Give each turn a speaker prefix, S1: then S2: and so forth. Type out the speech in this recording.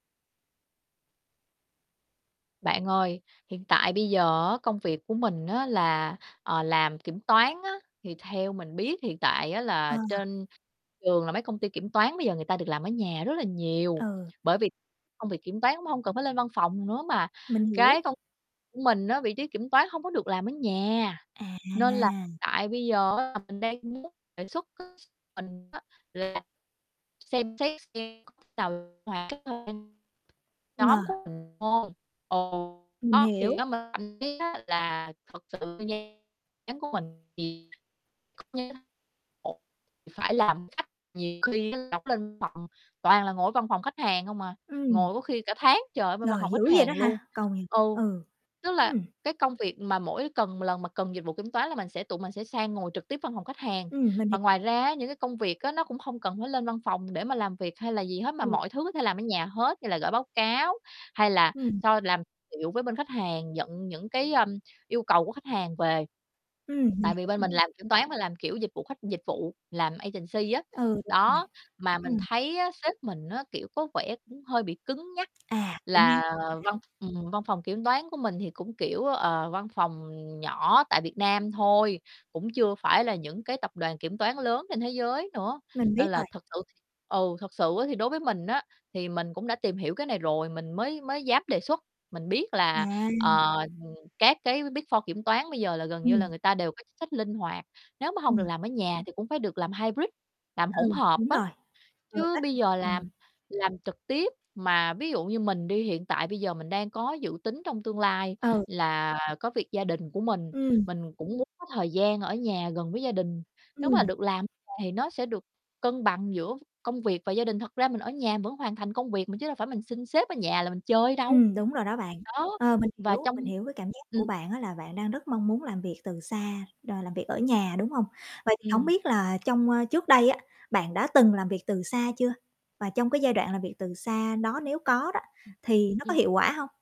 S1: Bạn ơi, hiện tại bây giờ á, công việc của mình á là, ờ, làm kiểm toán á. Thì theo mình biết hiện tại á là
S2: À.
S1: trên trường là mấy công ty kiểm toán bây giờ người ta được làm ở nhà rất là nhiều.
S2: Ừ.
S1: Bởi vì công việc kiểm toán cũng hông cần phải lên văn phòng nữa, mà
S2: Mình hiểu.
S1: cái công mình á, vị trí kiểm toán hông có được làm ở nhà. Nên là
S2: À.
S1: tại bây giờ á, là mình đang muốn đề xuất [unintelligible] mình á, là xem xét xem [unintelligible]
S2: Ờ.
S1: nhóm của mình [unintelligible] ừ,
S2: Mình
S1: đó, thì
S2: hiểu.
S1: nhóm mình thậm chí á là thực sự [unintelligible] nhóm của mình thì [unintelligible] phải làm khách, nhiều khi là [unintelligible] lên phòng, toàn là ngồi ở văn phòng khách hàng hông à,
S2: Ừm.
S1: ngồi có khi cả tháng trời ở bên văn
S2: Trời,
S1: phòng
S2: dữ
S1: khách
S2: vậy đó
S1: hàng luôn.
S2: hả? Câu [unintelligible]
S1: Ừ,
S2: Ừ.
S1: tức là
S2: Ừm.
S1: cái công việc mà mỗi cần mà lần mà cần dịch vụ kiểm toán là mình sẽ tụi mình sẽ sang ngồi trực tiếp văn phòng khách hàng.
S2: Ừm, mình
S1: Và
S2: hiểu
S1: ngoài
S2: rồi.
S1: ra á, những cái công việc á, nó cũng hông cần phải lên văn phòng để mà làm việc hay là gì hết mà
S2: Ừ.
S1: mọi thứ có thể làm ở nhà hết, như là gởi báo cáo hay là
S2: Ừm.
S1: so làm liệu với bên khách hàng, nhận những cái, ưm, yêu cầu của khách hàng về.
S2: Ừm, mình
S1: Tại vì
S2: hiểu
S1: bên mình
S2: rồi.
S1: làm kiểm toán mà làm kiểu dịch vụ khách dịch vụ, làm agency á.
S2: Ừ, đúng rồi,
S1: Đó, mà mình
S2: ừm.
S1: thấy á, sếp mình á, kiểu, có vẻ cũng hơi bị cứng nhắc,
S2: À. Cứng
S1: là
S2: nhắc, OK.
S1: văn ừm, văn phòng kiểm toán của mình thì cũng kiểu, ờ, văn phòng, ừm, nhỏ tại Việt Nam thôi, cũng chưa phải là những cái tập đoàn kiểm toán lớn trên thế giới nữa.
S2: Mình biết
S1: Nên là
S2: rồi.
S1: thực sự ừ, thực sự á thì đối với mình á, thì mình cũng đã tìm hiểu cái này rồi, mình mới mới dám đề xuất. Mình biết là,
S2: [unintelligible]
S1: ờ, ừm, các Big 4 kiểm toán bây giờ là gần như là
S2: Ừm.
S1: người ta đều có chính sách linh hoạt. Nếu mà hông được
S2: Ừm.
S1: làm ở nhà thì cũng phải được làm hybrid, làm
S2: Ừ,
S1: hỗn hợp
S2: đúng
S1: á.
S2: rồi, vừa
S1: Chứ
S2: kết
S1: bây
S2: hợp,
S1: giờ
S2: ừm.
S1: làm làm trực tiếp mà ví dụ như mình đi, hiện tại bây giờ mình đang có dự tính trong tương lai
S2: Ừ.
S1: là có việc gia đình của mình,
S2: Ừm.
S1: mình cũng muốn có thời gian ở nhà gần với gia đình. Nếu mà
S2: Ừm.
S1: được làm nhà thì nó sẽ được cân bằng giữa công việc và gia đình. Thật ra mình ở nhà vẫn hoàn thành công việc mà, chứ đâu phải mình xin sếp ở nhà là mình chơi đâu.
S2: Ừm, đúng rồi đó bạn.
S1: Đó,
S2: Ờ, mình
S1: và
S2: hiểu,
S1: trong
S2: mình hiểu cái cảm giác
S1: ừm.
S2: của bạn á, là bạn đang rất mong muốn làm việc từ xa, đòi làm việc ở nhà, đúng hông? Vậy thì hổng
S1: Ừm.
S2: biết là trong, ơ trước đây á, bạn đã từng làm việc từ xa chưa? Và trong cái giai đoạn làm việc từ xa nó nếu có đó,
S1: Ừm,
S2: thì nó có
S1: ưm.
S2: hiệu quả hông?